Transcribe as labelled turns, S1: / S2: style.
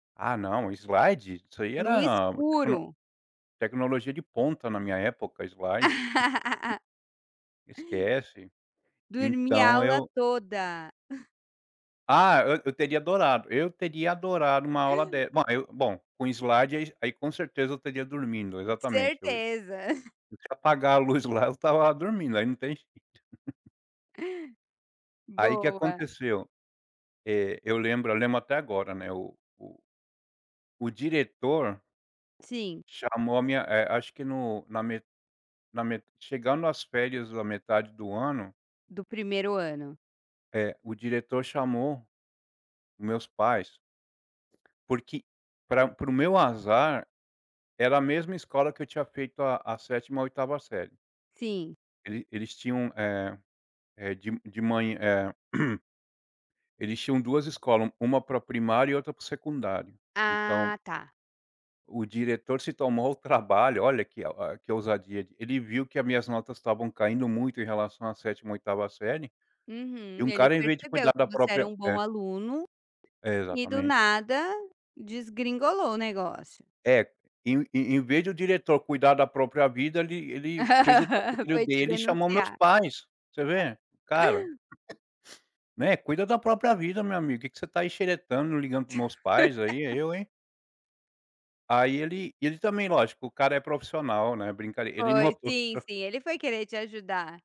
S1: Ah não, slide? Isso aí
S2: No
S1: era, como
S2: escuro.
S1: tecnologia de ponta, na minha época, slide. Esquece.
S2: Dormia a
S1: Então
S2: aula
S1: eu
S2: toda.
S1: Ah, eu eu teria adorado, eu teria adorado uma aula de ma eu bom, com slide, aí aí com certeza eu estaria dormindo, exatamente eu e
S2: Certeza.
S1: deixa eu apagar a luz lá, eu estava dormindo, aí não tem jeito. Aí o que
S2: Boa.
S1: aconteceu, eh, eu lembro eu lembro até agora, né, o o o diretor
S2: Sim.
S1: chamou a minha, eh, acho que no na me na me chegando as férias da metade do ano
S2: Do 1º ano.
S1: é, o diretor chamou meus pais porque pra para o meu azar, era a mesma escola que eu tinha feito a a 7ª, 8ª série.
S2: Sim.
S1: Ele eles tinham, eh eh, de m de mã eh, eles tinham 2 escola, u uma para o primário e outra para o secundário. Então
S2: Ah, tá.
S1: o diretor se tomou ao trabalho olha, que a o que ousadia d ele viu que a minhas notas estavam caindo muito em relação à 7ª, 8ª série, e
S2: Uhum.
S1: um
S2: Ele
S1: cara em vez de
S2: percebeu
S1: cuidar
S2: que
S1: da
S2: você era
S1: própria
S2: um
S1: é.
S2: bom aluno, e do
S1: Exatamente.
S2: nada, desgringolou o negócio.
S1: É, em em em vez do diretor cuidar da própria vida, ele ele fez o [unintelligible] filho
S2: Foi te
S1: dele e chamou meus
S2: denunciar.
S1: pais, você vê, cara, né, "cuida da própria vida meu amigo, que que você tá xeretando, ligando para os meus pais aí, eu hein". Aí ele e ele também, lógico, o cara é profissional, né, brinc ele
S2: Foi,
S1: notou
S2: sim, sim, ele foi querer te ajudar.